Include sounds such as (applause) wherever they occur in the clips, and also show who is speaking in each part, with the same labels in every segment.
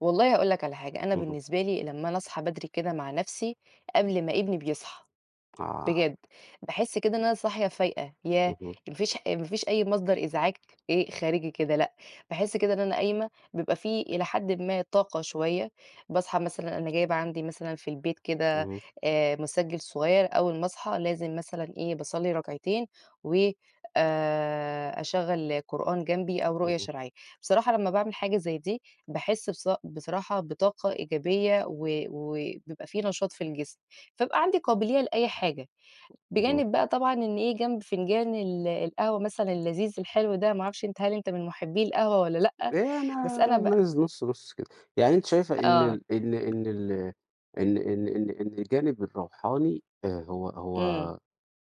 Speaker 1: والله هاقول لك على حاجة، أنا
Speaker 2: اهم.
Speaker 1: بالنسبة لي لمّا أنا أصحى بدري كده مع نَفْسي قبل ما ابني بيصحى
Speaker 2: آه.
Speaker 1: بجد، باحس كده إن أنا صاحية فايقة ياه!
Speaker 2: أها.
Speaker 1: ما فيش ما فيش أي مصدر إزعاج إيه خارجي كده لأ، باحس كده إن أنا قايمة بيبقى في إلى حد ما طاقة شوية باصحى مثلًا أنا جايبة عندي مثلًا في البيت كده
Speaker 2: اهم.
Speaker 1: آآ، مُسجّل صغيّر أوّل ما أصحى لازم مثلًا إيه باصلّي ركعتين و آآ، أشغّل قرآن جنبي أو رقية
Speaker 2: اهم.
Speaker 1: شرعية، بصراحة لمّا باعمِل حاجة زي دي باحس بصا بصراحة بطاقة إيجابية، و وبيبقى في نشاط في الجسم، فابقى عندي قابلية لأي حاجة،
Speaker 2: اهم.
Speaker 1: بجانب بقى طبعًا إن إيه جنب فنجان ال القهوة مثلًا اللذيذ الحلو ده، ما أعرفش أنت هل أنت من مُحبّي القهوة والّا لأ؟
Speaker 2: يا أنا
Speaker 1: بس أنا ب
Speaker 2: (unintelligible) نُص نُص كده، يعني أنتِ شايفة إن
Speaker 1: آه.
Speaker 2: ال إن إن ال إن إن إن إن الجانِب الروحاني آآ، هو
Speaker 1: إمم.
Speaker 2: هو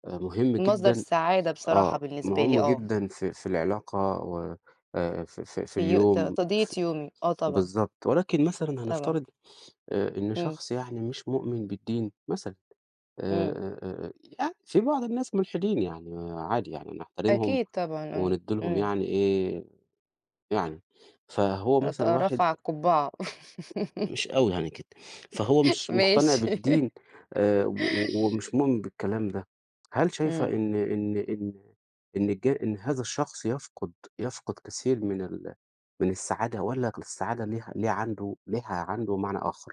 Speaker 2: مُهم
Speaker 1: مصدر
Speaker 2: جدًا
Speaker 1: سعادة بصراحة
Speaker 2: آه،
Speaker 1: بالنسبة لي،
Speaker 2: مُهم
Speaker 1: آه.
Speaker 2: جدًا في في العلاقة و آآ، في في في
Speaker 1: في يو ت
Speaker 2: اليوم
Speaker 1: تقضية
Speaker 2: ف
Speaker 1: يومي آه طبعًا.
Speaker 2: بالضبط ولكن مثلًا
Speaker 1: طبعًا.
Speaker 2: هنفترض آآ، إن
Speaker 1: إمم.
Speaker 2: شخص يعني مش مؤمن بالدين مثلًا آآ
Speaker 1: إمم.
Speaker 2: آآ آآ يعني في بعض الناس ملحدين يعني عادي يعني، نحترمهم
Speaker 1: أكيد طبعًا، آه،
Speaker 2: وندّي لهم
Speaker 1: إمم.
Speaker 2: يعني إيه يعني، فهو
Speaker 1: رت
Speaker 2: مثلًا واحد
Speaker 1: رَفَع القبعة
Speaker 2: مش أوي يعني كده، فهو
Speaker 1: (laughs)
Speaker 2: مش مقتنع
Speaker 1: ماشي.
Speaker 2: بالدين آآ،
Speaker 1: (laughs)
Speaker 2: و و ومش مؤمن بالكلام ده، هل شايفة
Speaker 1: إمم.
Speaker 2: إن إن إن إن الج إن هذا الشخص يفقد يفقد كثير من ال من السعادة والّا ك السعادة ليها ليه عنْده ليها عنْده معنى آخر؟